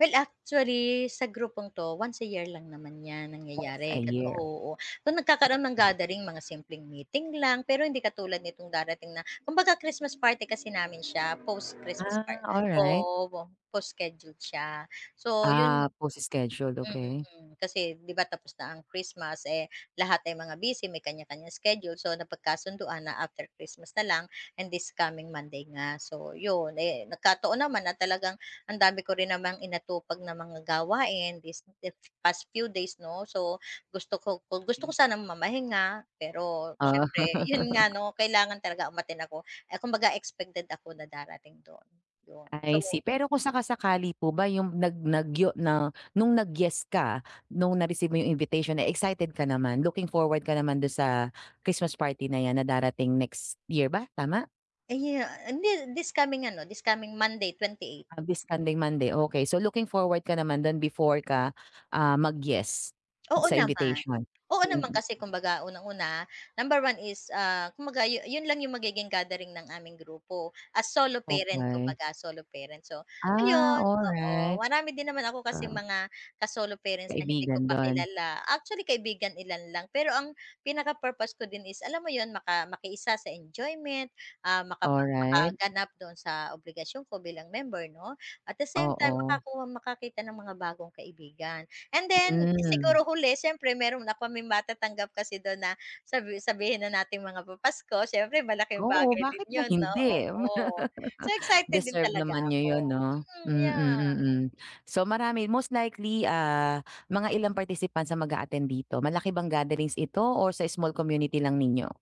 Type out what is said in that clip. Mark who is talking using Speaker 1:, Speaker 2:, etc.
Speaker 1: Well actually sa grupong to once a year lang naman yan
Speaker 2: Once a
Speaker 1: nangyayari kat
Speaker 2: year,
Speaker 1: oo tuwing nagkakaroon ng
Speaker 2: mm.
Speaker 1: gathering mga simpleng meeting lang pero hindi katulad nitong darating na kumbaga Christmas party kasi namin siya post-Christmas par
Speaker 2: Ah, alright.
Speaker 1: oo, wo post-scheduled siya. So yun,
Speaker 2: Ah, post-scheduled
Speaker 1: i mm,
Speaker 2: okey.
Speaker 1: mm, kasi 'di 'ba tapos na ang Christmas eh, lahat ay mga busy may kanya-kanyang schedule, so napagkasunduan na after Christmas na lang and this coming Monday nga so 'yon, eh, nagkataon naman na talagang ang dami ko rin namang inatupag na mga gawain this if past few days no, so gusto ko gusto ko
Speaker 2: Hmm.
Speaker 1: sana mamahinga. Pero
Speaker 2: Oh.
Speaker 1: syempre 'yon nga no kailangan umattend ako eh, kumbaga expected ako na darating dun so
Speaker 2: I see pero kung saka-sakali po ba 'yong nag nag yo na no'ng nag-yes ka no'ng na-receive mo 'yong invitation eh, excited ka naman? Looking forward ka naman do'n sa Christmas party na 'yan na darating next year ba tama?
Speaker 1: Aya hindi this coming ano, this coming Monday 28
Speaker 2: Ah, this coming Monday okey, so looking forward ka naman dun before ka, ah, mag-yes
Speaker 1: Oo
Speaker 2: sa
Speaker 1: naman,
Speaker 2: invitation?
Speaker 1: oo naman
Speaker 2: Mm.
Speaker 1: kasi kumbaga unang-una, number one is, ah, kumbaga yu yun lang yung magiging gathering ng aming grupo, as solo parent
Speaker 2: Okey.
Speaker 1: kumbaga solo parents so,
Speaker 2: Ah,
Speaker 1: ayun oo
Speaker 2: alright,
Speaker 1: marami din naman ako kasing
Speaker 2: oo.
Speaker 1: mga ka-solo parents na hindi ko
Speaker 2: Kaibigan
Speaker 1: pa
Speaker 2: dun?
Speaker 1: kilala actually kaibigan ilan lang pero ang pinaka-purpose ko din is alam mo yun maka makiisa sa enjoyment, ah, makapag
Speaker 2: Alright.
Speaker 1: makaganap dun sa obligasyon ko bilang member no at the same time
Speaker 2: Oo.
Speaker 1: makakuha, makakita ng mga bagong kaibigan and then
Speaker 2: Mm.
Speaker 1: siguro huli siyempre meron na kami matatanggap kasi dun na sabi sabihin na nating mga papasko siyempre malaking
Speaker 2: Oo,
Speaker 1: bagay din
Speaker 2: bakit ba
Speaker 1: yun no
Speaker 2: hindi.
Speaker 1: oo, so excited din
Speaker 2: Deserve
Speaker 1: talaga
Speaker 2: naman niyo
Speaker 1: ako,
Speaker 2: yun no?
Speaker 1: mm,
Speaker 2: Mm
Speaker 1: yeah.
Speaker 2: mm so marami most likely, ah, mga ilang participants ang mag-a-attend dito malaki bang gatherings ito or sa small community lang ninyo?